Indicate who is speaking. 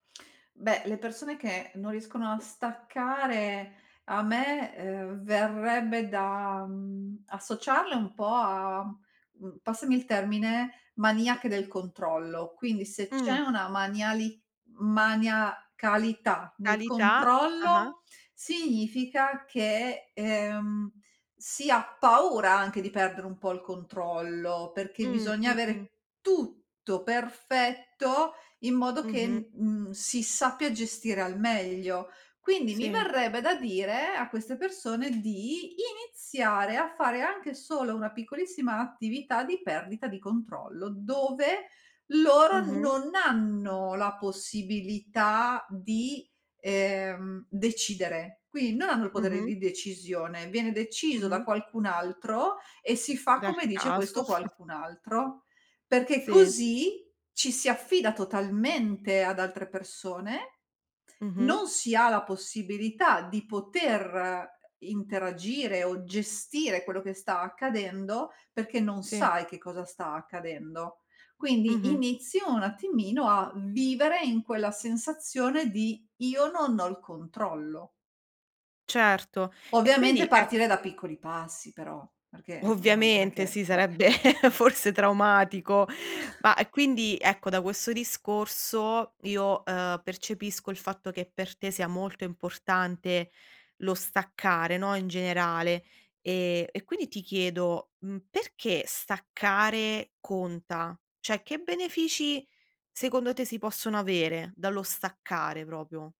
Speaker 1: Beh, le persone che non riescono a staccare a me, uhm, verrebbe da, mhmm, associarle un po' a, uhm, passami il termine, "maniache del controllo". Quindi se c'è
Speaker 2: Mh.
Speaker 1: una maniali maniacalità nel
Speaker 2: Calità? Ah-ah.
Speaker 1: controllo significa che, ehm, si ha paura anche di perdere un po' il controllo, perché
Speaker 2: Mh-mh,
Speaker 1: bisogna
Speaker 2: mh.
Speaker 1: avere tutto perfetto in modo che n
Speaker 2: Mh-mh.
Speaker 1: mhmm, si sappia gestire al meglio. Quindi mi
Speaker 2: Sì.
Speaker 1: verrebbe da dire a queste persone di iniziare a fare anche solo una piccolissima attività di perdita di controllo, dove loro
Speaker 2: Mh-mh.
Speaker 1: non hanno la possibilità di, ehm, decidere. Quindi non hanno il potere
Speaker 2: Mh-mh.
Speaker 1: di decisione, viene deciso da
Speaker 2: Mh-mh.
Speaker 1: qualcun altro e si fa
Speaker 2: Dal
Speaker 1: come dice questo
Speaker 2: caso.
Speaker 1: qualcun altro. Perché
Speaker 2: Sì.
Speaker 1: così ci si affida totalmente ad altre persone,
Speaker 2: Mh-mh.
Speaker 1: non si ha la possibilità di poter interagire o gestire quello che sta accadendo perché non
Speaker 2: Sì.
Speaker 1: sai che cosa sta accadendo. Quindi
Speaker 2: Mh-mh.
Speaker 1: inizio un attimino a vivere in quella sensazione di: io non ho il controllo.
Speaker 2: Certo e
Speaker 1: Ovviamente
Speaker 2: quindi è
Speaker 1: partire da piccoli passi però, perché non non è
Speaker 2: Ovviamente
Speaker 1: che,
Speaker 2: sì,
Speaker 1: beh
Speaker 2: sarebbe forse traumatico, ma quindi ecco, da questo discorso io, uhm, percepisco il fatto che per te sia molto importante lo staccare, no, in generale. Ehm, e quindi ti chiedo, mhmm, perché staccare conta? Cioè, che benefici secondo te si possono avere dallo staccare proprio?